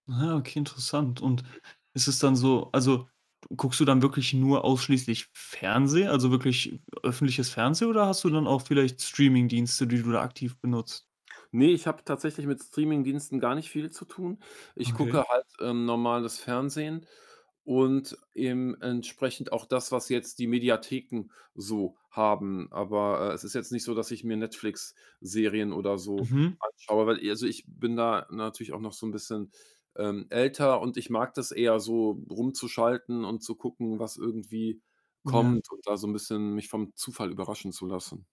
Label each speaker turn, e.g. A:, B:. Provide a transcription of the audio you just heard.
A: Ah, okay, interessant. Und ist es dann so also, guckst du dann wirklich nur ausschließlich Fernsehen, also, wirklich öffentliches Fernsehen oder hast du dann auch vielleicht Streamingdienste, die du da aktiv benutzt?
B: Ne, ich hab tatsächlich mit Streamingdiensten gar nicht viel zu tun. Ich
A: Okay.
B: gucke halt, äh, normales Fernsehen und eben entsprechend auch das, was jetzt die Mediatheken so haben. Aber, äh, es ist jetzt nicht so, dass ich mir Netflix-Serien oder so
A: Mhm.
B: anschaue, weil ich also, ich bin da natürlich auch noch so 'n bisschen, ähm, älter und ich mag das eher so rumzuschalten und zu gucken, was irgendwie
A: Ja.
B: kommt und da so 'n bisschen mich vom Zufall überraschen zu lassen.